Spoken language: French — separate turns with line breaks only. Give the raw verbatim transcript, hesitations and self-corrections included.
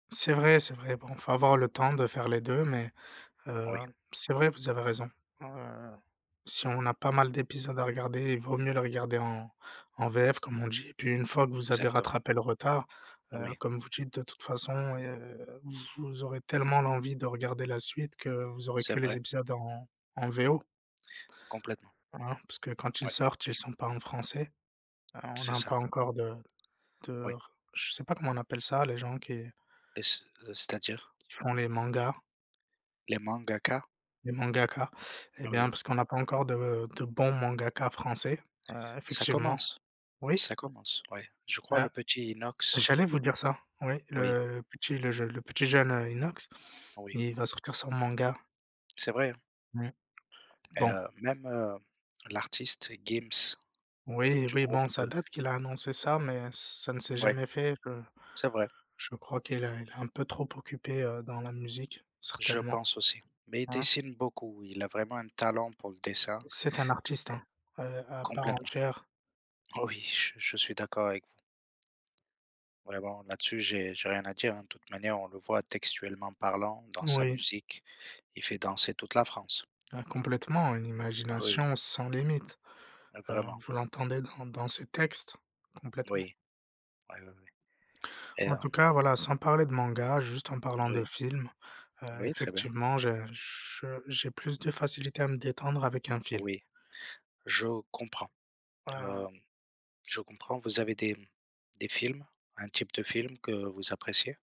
C'est vrai, c'est vrai. Bon il faut avoir le temps de faire les deux, mais, heu,
Oui.
c'est vrai, vous avez raison, heu, si on a pas mal d'épisodes à regarder, il vaut mieux le regarder en en VF comme on dit et puis une fois que vous avez
Exactement.
rattrapé le retard, heu,
Oui.
comme vous dites, de toute façon, heu, vous aurez tellement l'envie de regarder la suite que vous aurez
C'est
que les
vrai.
épisodes en en VO.
Complètement.
Hein. Parce que quand ils
Ouais.
sortent, ils sont pas en français, heu, on
C'est
a
ça.
pas encore de de
Oui.
r je sais pas comment on appelle ça, les gens qui
Et ce, heu, c'est-à-dire?
qui font les mangas?
Les mangakas?
Les mangakas. Eh bien
Oui.
parce qu'on a pas encore de de bons mangakas français, heu,
Ça
effectivement.
commence.
Oui?
Ça commence, oui. Je crois le
Heu,
petit Inox
j'allais vous dire ça. Oui
Oui.
le le petit le jeu le petit jeune, heu, Inox,
Oui.
il va sortir son manga.
C'est vrai, hein.
Mmh,
Et
bon.
heu, même, hem, l'artiste GIMS, heu,
Oui,
du
oui
groupe
bon, ça
de
date qu'il a annoncé ça, mais ça ne s'est
Ouais.
jamais fait, heu,
C'est vrai.
je crois qu'il est il est un peu trop occupé, heu, dans la musique,
Je
certainement.
pense aussi. Mais il
Hein?
dessine beaucoup, il a vraiment un talent pour le dessin
C'est un artiste,
et
hein, heu, à part
complètement.
entière.
Oui, je je suis d'accord avec vous. Ouais bon, là-dessus, j'ai j'ai rien à dire, hein. De toute manière, on le voit textuellement parlant dans sa
Oui.
musique, il fait danser toute la France.
Ah complètement, une
Ah oui.
imagination sans limite,
Ah
heu,
vraiment.
vous l'entendez dans dans ses textes, complètement.
Oui, oui oui oui et
En
hem
tout cas, voilà, sans parler de manga, juste en
D
parlant de
oui?
film, heu,
Oui, très bien.
effectivement j'ai je j'ai plus de facilité à me détendre avec un film.
Oui, je comprends,
Heu
hem, je comprends, vous avez des mmh, des films, un type de film que vous appréciez?